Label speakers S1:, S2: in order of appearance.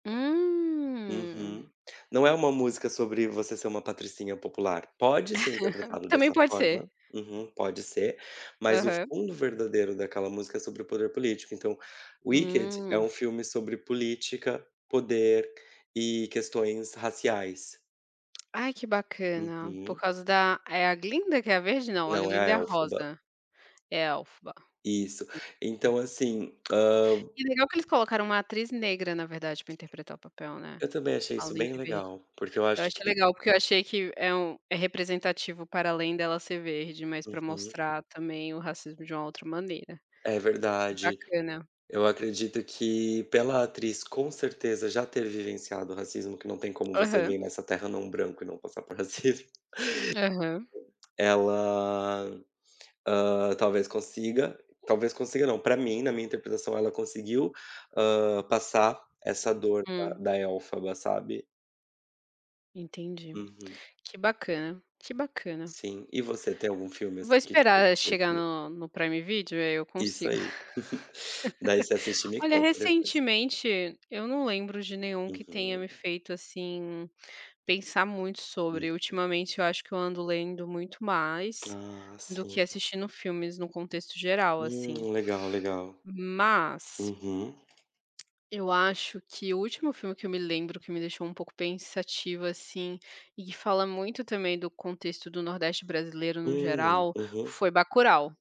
S1: Hum.
S2: Uhum, não é uma música sobre você ser uma patricinha popular, pode ser interpretado
S1: Também
S2: dessa
S1: pode ser.
S2: forma, uhum, pode ser, mas o
S1: Aham.
S2: fundo verdadeiro daquela música é sobre o poder político então, Wicked é
S1: Hum.
S2: um filme sobre política, poder e questões raciais.
S1: Ai que bacana, por
S2: Uhum.
S1: causa da é a glinda que é a verde? Não, a
S2: Não, é
S1: glinda
S2: a
S1: é a
S2: elfoba.
S1: rosa, elfoba
S2: Isso.
S1: [unintelligible]
S2: Então assim, ham
S1: E legal que eles colocaram uma atriz negra na verdade pra interpretar o papel né,
S2: eu também achei isso
S1: além
S2: bem
S1: de verde.
S2: legal, porque eu
S1: É eu
S2: acho
S1: achei
S2: que
S1: legal porque eu achei que é um é representativo para além dela ser verde mas pra
S2: Aham.
S1: mostrar também o racismo de uma outra maneira.
S2: É
S1: Achei
S2: verdade.
S1: bacana.
S2: Eu acredito que, pela atriz com certeza já ter vivenciado o racismo, que não tem como você
S1: Aham.
S2: viver nessa terra não branco e não passar por racismo
S1: Aham.
S2: ela, hã, talvez consiga, talvez consiga não, pra mim na minha interpretação ela conseguiu, hã, passar essa dor da
S1: Hum.
S2: da elfoba, sabe?
S1: Entendi.
S2: Uhum.
S1: Que bacana que bacana.
S2: Sim, e você? Tem algum filme assim
S1: Vou
S2: de
S1: esperar chegar
S2: [unintelligible]
S1: no no Prime Video e aí eu
S2: Isso
S1: consigo
S2: aí. Daí você assiste e me
S1: Olha
S2: conta depois.
S1: recentemente, eu não lembro de nenhum que tenha me
S2: Aham.
S1: feito assim, pensar muito sobre,
S2: Isso.
S1: ultimamente eu acho que eu ando lendo muito mais,
S2: Ah,
S1: do
S2: sim.
S1: que assistindo filmes num contexto geral assim.
S2: Hum, legal,
S1: Mas
S2: uhum.
S1: Eu acho que o último filme que eu me lembro que me deixou um pouco pensativa assim, e que fala muito também do contexto do nordeste brasileiro no
S2: Hum,
S1: geral
S2: uhum.
S1: foi Bacurau.